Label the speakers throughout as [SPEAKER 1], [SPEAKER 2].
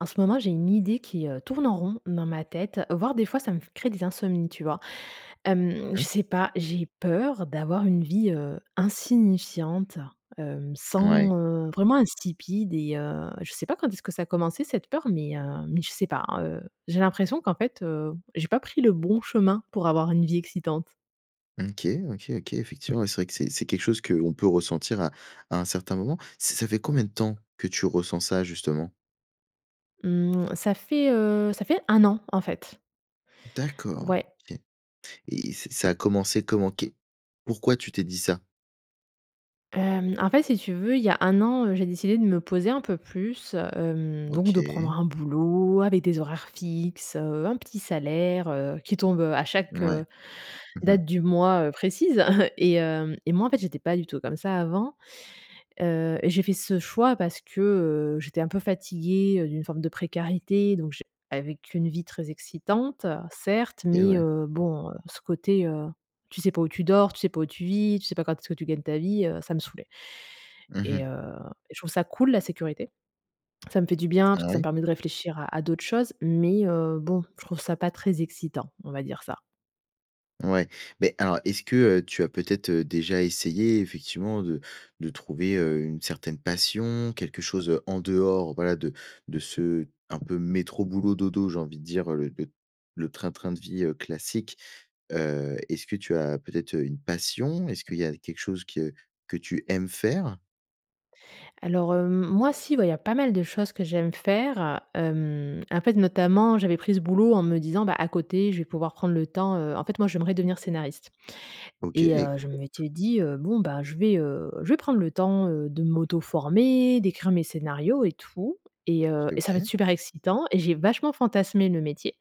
[SPEAKER 1] En ce moment, j'ai une idée qui, heu, tourne en rond dans ma tête, voire, des fois, ça me f crée des insomnies, tu vois? Hem,
[SPEAKER 2] Mmh
[SPEAKER 1] je
[SPEAKER 2] mh.
[SPEAKER 1] sais pas, j'ai peur d'avoir une vie, heu, insignifiante, hem,
[SPEAKER 2] Ouais.
[SPEAKER 1] sans, heu, vraiment, insipide et heu, je sais pas quand est-ce que ça a commencé cette peur, mais, heu, mais je sais pas. Heu, j'ai l'impression qu'en fait, heu, j'ai pas pris le bon chemin pour avoir une vie excitante.
[SPEAKER 2] OK. OK, OK, effectivement, ouais, c'est vrai que c'est c'est quelque chose que l'on peut ressentir à à un certain moment. Ç ça fait combien de temps que tu ressens ça justement?
[SPEAKER 1] Mmh. Ça fait, heu, ça fait 1 an, en fait.
[SPEAKER 2] D'accord. OK
[SPEAKER 1] Ouais.
[SPEAKER 2] et et ça ça a commencé comment? Qu'est pourquoi tu t'es dit ça?
[SPEAKER 1] Hem, en fait, si tu veux, il y a 1 an, heu, j'ai décidé de me poser un peu plus, hem, donc de prendre
[SPEAKER 2] OK.
[SPEAKER 1] un boulot avec des horaires fixes, heu, un petit salaire, heu, qui tombe, heu, à chaque,
[SPEAKER 2] Ouais.
[SPEAKER 1] heu,
[SPEAKER 2] Mmh mh.
[SPEAKER 1] date du mois, heu, précise et hem, et moi, en fait, j'étais pas du tout comme ça avant. Heu, j'ai fait ce choix parce que, heu, j'étais un peu fatiguée, heu, d'une forme de précarité donc, je avec une vie très excitante, certes,
[SPEAKER 2] OK.
[SPEAKER 1] mais,
[SPEAKER 2] Ouais.
[SPEAKER 1] heu, bon, heu, ce côté, heu, tu sais pas où tu dors, tu sais pas où tu vis, tu sais pas quand est-ce que tu gagnes ta vie, heu, ça me saoulait
[SPEAKER 2] Mmh
[SPEAKER 1] et
[SPEAKER 2] mh.
[SPEAKER 1] heu, je trouve ça cool la sécurité. Ça me fait du bien parce
[SPEAKER 2] Ah
[SPEAKER 1] que ça me
[SPEAKER 2] oui?
[SPEAKER 1] permet de réfléchir à à d'autres choses, mais, heu, bon, je trouve ça pas très excitant, on va dire ça.
[SPEAKER 2] Ouais, beh, alors, est-ce que, heu, tu as peut-être, heu, déjà essayé, effectivement, de de trouver, heu, une certaine passion? Quelque chose, heu, en dehors, voilà, de de ce un peu métro, boulot, dodo, j'ai envie de dire, heu, le le train-train de vie, heu, classique? Heu, est-ce que tu as peut-être, heu, une passion? Est-ce qu'il y a quelque chose que que tu aimes faire?
[SPEAKER 1] Alors, heu, m moi, si, bah, il y a pas mal de choses que j'aime faire, heu. Hem, en fait, notamment, j'avais pris ce boulot en me disant, bah, à côté je vais pouvoir prendre le temps, heu en fait, moi, j'aimerais devenir scénariste et
[SPEAKER 2] OK,
[SPEAKER 1] heu, je
[SPEAKER 2] top.
[SPEAKER 1] m'étais dit: «Heu, bon, bah, je vais, heu, je vais prendre le temps, heu, de m'auto-former, d'écrire mes scénarios et tout et heu,
[SPEAKER 2] OK,
[SPEAKER 1] et ça va être
[SPEAKER 2] OK.
[SPEAKER 1] super excitant» et j'ai vachement fantasmé le métier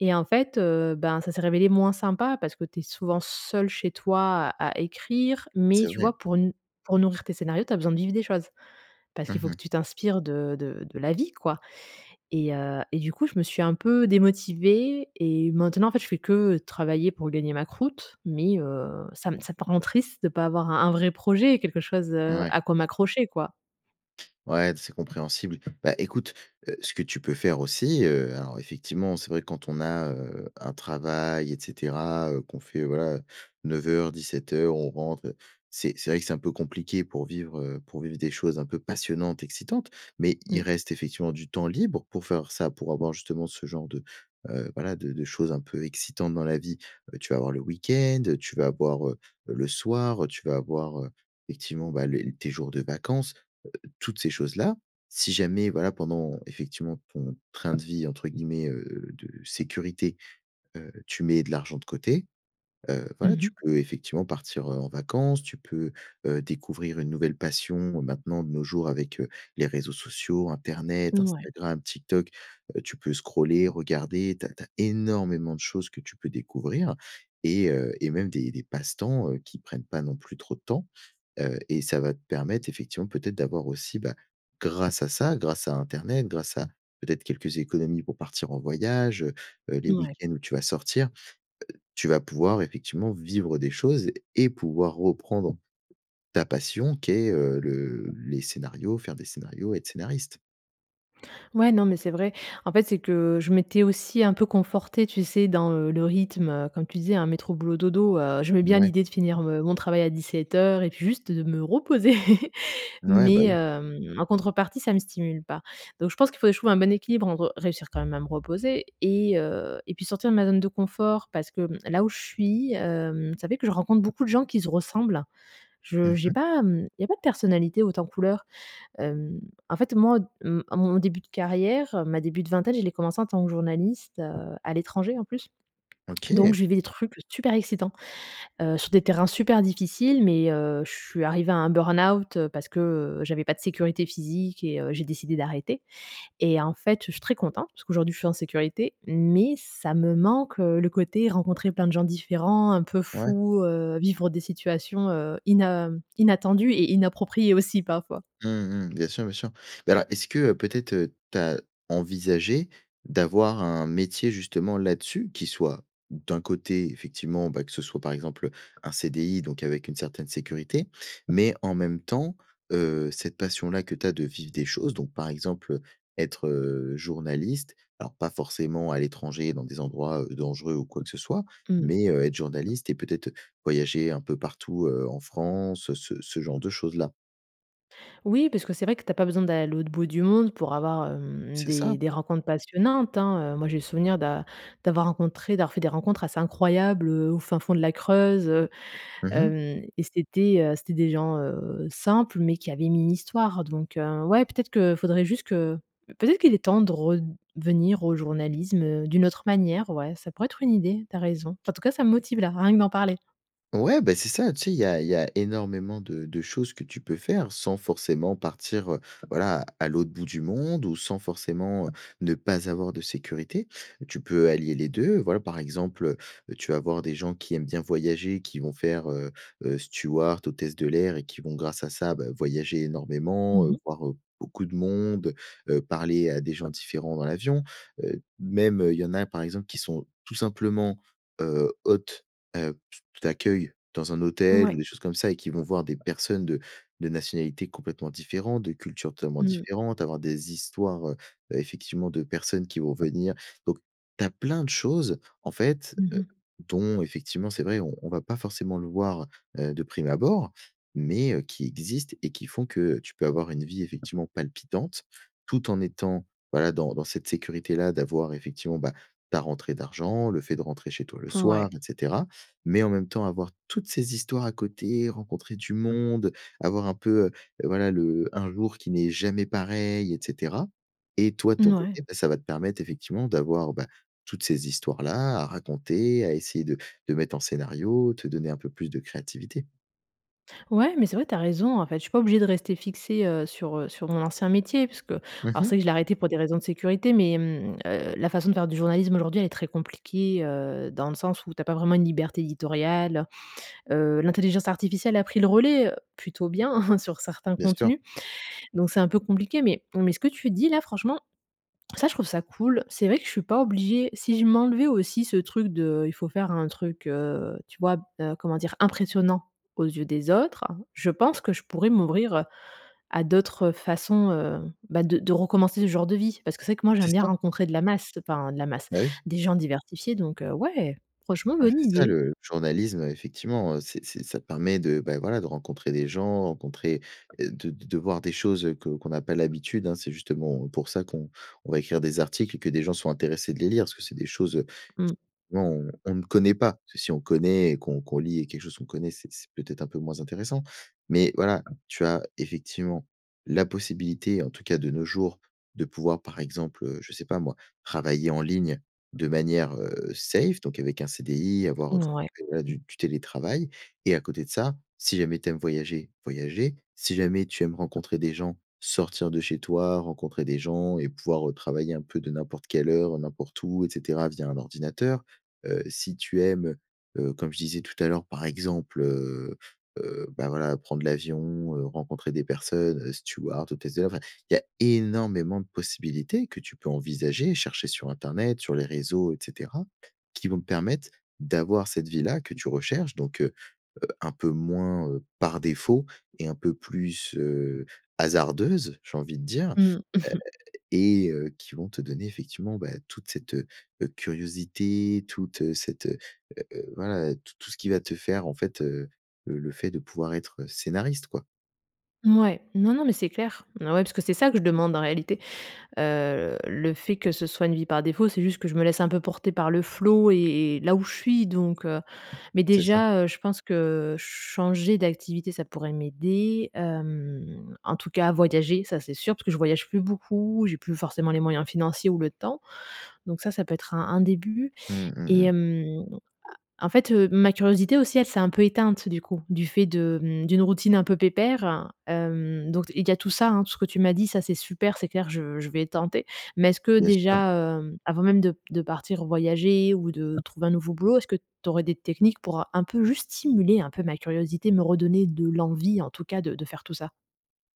[SPEAKER 1] et en fait, heu, ben, ça s'est révélé moins sympa, parce que tu es souvent seule chez toi à à écrire. Mais,
[SPEAKER 2] C'est
[SPEAKER 1] tu
[SPEAKER 2] vrai.
[SPEAKER 1] vois, pour n pour nourrir tes scénarios, tu as besoin de vivre des choses. Parce
[SPEAKER 2] Mmh
[SPEAKER 1] qu'il faut que
[SPEAKER 2] mh.
[SPEAKER 1] tu t'inspires de de de la vie, quoi et heu, et du coup, je me suis un peu démotivée et maintenant, en fait, je fais que travailler pour gagner ma croûte. Mais, heu, ça me ça peut rendre triste de pas avoir un un vrai projet, quelque chose, heu,
[SPEAKER 2] Ouais.
[SPEAKER 1] à quoi m'accrocher, quoi.
[SPEAKER 2] Ouais, c'est compréhensible. Bah, écoute, heu, ce que tu peux faire aussi, heu, alors, effectivement, c'est vrai quand on a, heu, un travail et cetera, heu, qu'on fait, voilà, 9:00-17:00 on rentre, heu, c'est c'est vrai que c'est un peu compliqué pour vivre, heu, pour vivre des choses un peu passionnantes, excitantes. Mais,
[SPEAKER 1] Mmh.
[SPEAKER 2] il reste effectivement du temps libre pour faire ça, pour avoir justement ce genre de, heu, voilà, de de choses un peu excitantes dans la vie. Heu, tu vas avoir le week-end, tu vas avoir, heu, le soir, tu vas avoir, heu, effectivement, bah, les tes jours de vacances, heu, toutes ces choses-là. Si jamais, voilà, pendant, effectivement, ton «train de vie», entre guillemets, heu, de sécurité, heu, tu mets de l'argent de côté. Heu, voilà,
[SPEAKER 1] Mmh
[SPEAKER 2] tu
[SPEAKER 1] mh.
[SPEAKER 2] peux effectivement partir, heu, en vacances. Tu peux, heu, découvrir une nouvelle passion. Maintenant, de nos jours avec, heu, les réseaux sociaux, internet,
[SPEAKER 1] Ouais.
[SPEAKER 2] Instagram, TikTok, heu, tu peux scroller, regarder. Tu as tu as énormément de choses que tu peux découvrir et heu, et même des des passe-temps, heu, qui prennent pas non plus trop de temps. Heu, et ça va te permettre, effectivement, peut-être d'avoir aussi, bah, grâce à ça, grâce à internet, grâce à peut-être, quelques économies pour partir en voyage, heu heu, les
[SPEAKER 1] Ouais.
[SPEAKER 2] week-ends où tu vas sortir. Heu, tu vas pouvoir, effectivement, vivre des choses et pouvoir reprendre ta passion qu'est, heu, le les scénarios, faire des scénarios et être scénariste.
[SPEAKER 1] Ouais, non, mais c'est vrai. En fait, c'est que, je m'étais aussi un peu confortée, tu sais, dans, heu, le rythme, heu, comme tu disais, hein, métro-boulot-dodo. Heu, j'aimais bien
[SPEAKER 2] Mouais.
[SPEAKER 1] l'idée de finir me mon travail à 17:00 et puis juste de me reposer!
[SPEAKER 2] Ouais, bah
[SPEAKER 1] Mais,
[SPEAKER 2] oui.
[SPEAKER 1] hem, en contrepartie, ça me stimule pas. Donc je pense qu'il faudrait que je trouve un bon équilibre, entre réussir quand même à me reposer et heu, et puis sortir de ma zone de confort parce que, hem, là où je suis, hem, ça fait que je rencontre beaucoup de gens qui se ressemblent. Je
[SPEAKER 2] Mmh
[SPEAKER 1] j'ai
[SPEAKER 2] mh.
[SPEAKER 1] pas, hem, il y a pas de personnalités hautes en couleur. Hem, en fait, moi, hem, à mon début de carrière, ma début de vingtaine, je l'ai commencé en tant que journaliste, heu, à l'étranger, en plus. Donc,
[SPEAKER 2] OK.
[SPEAKER 1] je vivais des trucs super excitants. Heu, sur des terrains super difficiles, mais, heu, je suis arrivée à un burn-out parce que, heu, j'avais pas de sécurité physique et heu, j'ai décidé d'arrêter. Et en fait, je suis très contente puisqu'aujourd'hui je suis en sécurité, mais ça me manque, heu, le côté, rencontrer plein de gens différents, un peu
[SPEAKER 2] Ouais.
[SPEAKER 1] fous, heu, vivre des situations, heu, ina inattendues et inappropriées aussi parfois.
[SPEAKER 2] Mmh mh. Bien sûr, bien sûr. Beh alors est-ce que, heu, peut-être, heu, tu as envisagé d'avoir un métier, justement, là-dessus? Qui soit, d'un côté, effectivement, bah, que ce soit par exemple, heu, un CDI, donc avec une certaine sécurité, mais en même temps, heu, cette passion-là que tu as de vivre des choses, donc, par exemple, heu, être, heu, journaliste, alors pas forcément à l'étranger dans des endroits, heu, dangereux ou quoi que ce soit,
[SPEAKER 1] Mmh.
[SPEAKER 2] mais, heu, être journaliste et peut-être, heu, voyager un peu partout, heu, en France, ce ce genre de choses là?
[SPEAKER 1] Oui, parce que c'est vrai que tu as pas besoin d'aller à l'autre bout du monde pour avoir, hem,
[SPEAKER 2] C'est ça!
[SPEAKER 1] des des rencontres passionnantes, hein, heu moi, j'ai le souvenir d'a d'avoir rencontré, d'avoir fait des rencontres assez incroyables, heu, au fin fond de la Creuse, heu,
[SPEAKER 2] Mmh
[SPEAKER 1] hem,
[SPEAKER 2] mh.
[SPEAKER 1] et c'était, heu c'était des gens, heu, simples, mais qui avaient mis une histoire. Donc ouais, peut-être que faudrait juste que peut-être qu'il est temps de red venir au journalisme, heu, d'une autre manière. Ouais, ça pourrait être une idée, tu as raison. Enfin, en tout cas, ça me motive là, rien que d'en parler.
[SPEAKER 2] Ouais, beh c'est ça, tu sais il y a il y a énormément de de choses que tu peux faire sans forcément partir, heu, voilà, à l'autre bout du monde ou sans forcément ne pas avoir de sécurité. Tu peux allier les 2. Voilà, par exemple, heu, tu vas avoir des gens qui aiment bien voyager, qui vont faire, heu heu, stewart, hôtesse de l'air et qui vont, grâce à ça, bah, voyager
[SPEAKER 1] Mmh
[SPEAKER 2] énormément, heu,
[SPEAKER 1] mh.
[SPEAKER 2] voir, heu, beaucoup de monde, heu, parler à des gens différents dans l'avion. Heu, même, heu, il y en a par exemple qui sont tout simplement, heu, hôtes, heu, t t d'accueil dans un hôtel ou
[SPEAKER 1] Ouais.
[SPEAKER 2] des choses comme ça et qui vont voir des personnes de de nationalités complètement différentes, de cultures totalement
[SPEAKER 1] Mmh mh.
[SPEAKER 2] différentes, avoir des histoires, heu, effectivement, de personnes qui vont venir donc, tu as plein de choses en fait
[SPEAKER 1] Mmh mh.
[SPEAKER 2] dont effectivement c'est vrai on on va pas forcément le voir, heu, de prime abord. Mais, heu, qui existent et qui font que, heu, tu peux avoir une vie effectivement palpitante tout en étant, voilà, dans dans cette sécurité-là d'avoir effectivement, bah, ta rentrée d'argent, le fait de rentrer chez toi le soir,
[SPEAKER 1] Mouais.
[SPEAKER 2] et cetera. Mais en même temps, avoir toutes ces histoires à côté, rencontrer du monde, avoir un peu, heu, voilà le un jour qui n'est jamais pareil, et cetera. Et toi ton
[SPEAKER 1] Mouais.
[SPEAKER 2] côté, bah, ça va te permettre effectivement d'avoir, bah, toutes ces histoires là à raconter, à essayer de de mettre en scénario, te donner un peu plus de créativité.
[SPEAKER 1] Ouais, mais c'est vrai, tu as raison. En fait, je suis pas obligée de rester fixée, heu, sur, heu, sur mon ancien métier puisque
[SPEAKER 2] Mmh
[SPEAKER 1] alors
[SPEAKER 2] mh.
[SPEAKER 1] c'est que je l'ai arrêté pour des raisons de sécurité. Mais, mmh, heu, la façon de faire du journalisme aujourd'hui, elle est très compliquée, heu, dans le sens où tu as pas vraiment une liberté éditoriale, heu, l'intelligence artificielle a pris le relais, heu, plutôt bien sur certains
[SPEAKER 2] Bien sûr.
[SPEAKER 1] contenus, donc c'est un peu compliqué, mais mais ce que tu dis là franchement, ça je trouve ça cool, c'est vrai que je suis pas obligée si je m'enlevais aussi ce truc de il faut faire un truc, heu, tu vois? Heu, comment dire? Impressionnant aux yeux des autres, je pense que je pourrais m'ouvrir, heu, à d'autres façons, heu, bah, de de recommencer ce genre de vie. Parce que c'est vrai que moi j'aime
[SPEAKER 2] C'est
[SPEAKER 1] bien
[SPEAKER 2] ça.
[SPEAKER 1] rencontrer de la masse, enfin, de la masse,
[SPEAKER 2] Bah oui.
[SPEAKER 1] des gens diversifiés donc, heu, ouais! Franchement
[SPEAKER 2] Ouais
[SPEAKER 1] bonne
[SPEAKER 2] c'est ça
[SPEAKER 1] idée.
[SPEAKER 2] le journalisme effectivement, heu, c'est c'est ça te permet de, bah, voilà, de rencontrer des gens, rencontrer, heu, de de de voir des choses que qu'on a pas l'habitude, hein, c'est justement, heu, pour ça qu'on on va écrire des articles et que des gens sont intéressés de les lire, parce que c'est des choses, heu,
[SPEAKER 1] Mmh.
[SPEAKER 2] ment on on ne connaît pas, parce que si on connaît et qu'on qu'on lit et quelque chose qu'on connaît, c'est c'est peut-être un peu moins intéressant, mais voilà tu as effectivement, la possibilité en tout cas de nos jours de pouvoir par exemple, heu, je sais pas moi, travailler en ligne de manière, heu, safe, donc avec un CDI avoir
[SPEAKER 1] Mmh ouais.
[SPEAKER 2] [unintelligible] du du télétravail et à côté de ça, si jamais tu aimes voyager, voyager si jamais tu aimes rencontrer des gens, sortir de chez toi, rencontrer des gens et pouvoir, heu, travailler un peu de n'importe quelle heure, n'importe où et cetera via un ordinateur. Heu, si tu aimes, heu heu, comme je disais tout à l'heure par exemple, heu heu, bah, voilà prendre l'avion, heu, rencontrer des personnes, steward, hôtesse de l'air enfin, il y a énormément de possibilités que tu peux envisager, chercher sur internet, sur les réseaux et cetera, qui vont te permettre d'avoir cette vie-là que tu recherches. Donc, heu heu, un peu moins, heu, par défaut et un peu plus, heu, hasardeuse, j'ai envie de dire, heu,
[SPEAKER 1] Mmh, mmh.
[SPEAKER 2] et heu qui vont te donner effectivement, bah, toute cette, heu, curiosité, toute cette, heu heu, voilà t tout ce qui va te faire en fait, heu, le le fait de pouvoir être scénariste, quoi.
[SPEAKER 1] Mouais, non, non, mais c'est clair. Oh ouais, parce que c'est ça que je demande en réalité, heu, le fait que ce soit une vie par défaut, c'est juste que je me laisse un peu porter par le flow et et là où je suis, donc, heu, mais
[SPEAKER 2] C'est ça.
[SPEAKER 1] déjà, heu, je pense que, heu, changer d'activité, ça pourrait m'aider, hem, en tout cas, voyager, ça, c'est sûr parce que je voyage plus beaucoup. J'ai plus forcément les moyens financiers ou le temps. Donc ça, ça peut être un un début
[SPEAKER 2] Mmh, mmh
[SPEAKER 1] et
[SPEAKER 2] mh.
[SPEAKER 1] hem, a en fait, heu, ma curiosité aussi, elle s'est un peu éteinte, du coup, du fait de, mmh, d'une routine un peu pépère, hem, donc d il y a tout ça, hein, tout ce que tu m'as dit, ça, c'est super. C'est clair, je je vais tenter. Mais est-ce que
[SPEAKER 2] Bien sûr.
[SPEAKER 1] déjà, hem, avant même de b de partir voyager ou de trouver un nouveau boulot, est-ce que tu aurais des techniques pour, heu, un peu juste stimuler un peu ma curiosité, me redonner de l'envie, en tout cas, de de faire tout ça?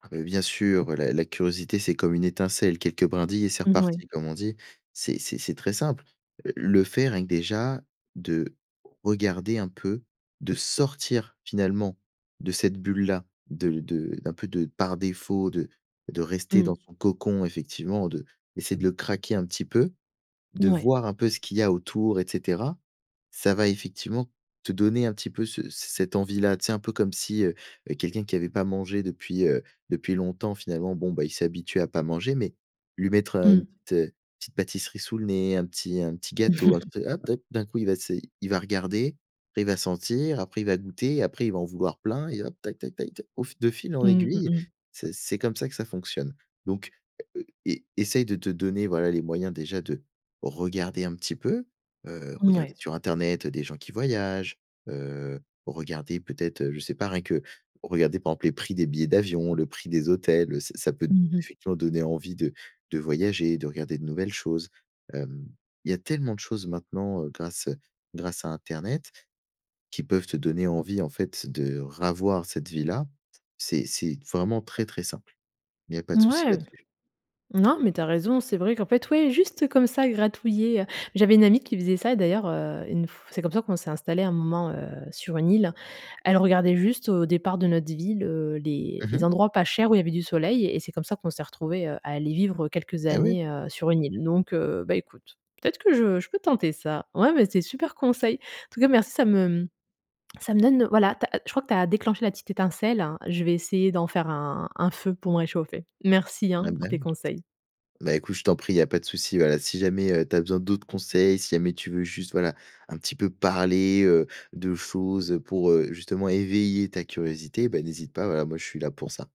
[SPEAKER 2] Ah, beh, bien sûr, la la curiosité, c'est comme une étincelle, quelques brindilles et c'est
[SPEAKER 1] Mmh ouais.
[SPEAKER 2] reparti, comme on dit. C'est c'est c'est très simple, heu, le fait rien que, déjà, de regarder un peu, de sortir, finalement, de cette bulle-là, de de d'un peu de par défaut de de rester dans
[SPEAKER 1] Mmh.
[SPEAKER 2] son cocon, effectivement, de d'essayer de le craquer un petit peu, de
[SPEAKER 1] Ouais.
[SPEAKER 2] voir un peu ce qu'il y a autour et cetera, ça va effectivement, te donner un petit peu ce c cette envie-là. Tu sais, un peu comme si, heu, heu, quelqu'un qui avait pas mangé depuis, heu, depuis longtemps, finalement, bon, ben, il s'est habitué à pas manger. Mais, lui mettre, heu, une
[SPEAKER 1] Mmh.
[SPEAKER 2] petite, heu, une petite pâtisserie sous le nez, un petit un petit gâteau, un petit hop! Ah, d'un coup il va se il va regarder, après, il va sentir, après il va goûter et après il va en vouloir plein et hop! Tac, tac, tac, tac, au fi de fil en
[SPEAKER 1] Mmh, mmh
[SPEAKER 2] aiguille,
[SPEAKER 1] mh.
[SPEAKER 2] ce c'est comme ça que ça fonctionne. Donc, heu, é essaye de te donner, voilà, les moyens, déjà, de regarder un petit peu, heu, regarder
[SPEAKER 1] Mouais.
[SPEAKER 2] sur internet, heu, des gens qui voyagent, heu, regarder peut-être, heu, je sais pas, rien que regarder, par exemple, les prix des billets d'avion, le prix des hôtels, heu, ça ça peut,
[SPEAKER 1] Mmh mh.
[SPEAKER 2] effectivement, donner envie de de voyager, de regarder de nouvelles choses, hem, il y a tellement de choses maintenant, heu, grâce, heu, grâce à internet, qui peuvent te donner envie, en fait, de ravoir cette vie-là, c'est c'est vraiment très, très simple. Il y a pas de souci
[SPEAKER 1] Mouais!
[SPEAKER 2] là-dessus.
[SPEAKER 1] Non, mais tu as raison. C'est vrai qu'en fait, ouais, juste, comme ça, gratouiller, heu, j'avais une amie qui faisait ça et d'ailleurs, heu, une f c'est comme ça qu'on s'est installées à un moment, heu, sur une île. Elle regardait juste au départ de notre ville, heu, les
[SPEAKER 2] Mmh
[SPEAKER 1] les
[SPEAKER 2] mh.
[SPEAKER 1] endroits pas chers où il y avait du soleil et c'est comme ça qu'on s'est retrouvées, heu, à aller vivre quelques
[SPEAKER 2] Et oui!
[SPEAKER 1] années, heu, sur une île. Donc, heu, bah, écoute. Peut-être que je je peux tenter ça. Ouais, mais c'est super conseil. En tout cas, merci, ça me, mmh, ça me donne, heu, voilà, tu as ah je crois que tu as déclenché la petite étincelle. Je vais essayer d'en faire un un feu pour me réchauffer. Merci
[SPEAKER 2] Ah
[SPEAKER 1] hein,
[SPEAKER 2] bah,
[SPEAKER 1] pour tes
[SPEAKER 2] oui.
[SPEAKER 1] conseils.
[SPEAKER 2] ben, écoute, je t'en prie. Il y a pas de souci. Voilà, si jamais, heu, tu as besoin d'autres conseils, si jamais tu veux juste, voilà, un petit peu parler, heu, de choses, heu, pour, heu, justement éveiller ta curiosité, bah, n'hésite pas. Voilà, moi, je suis là pour ça.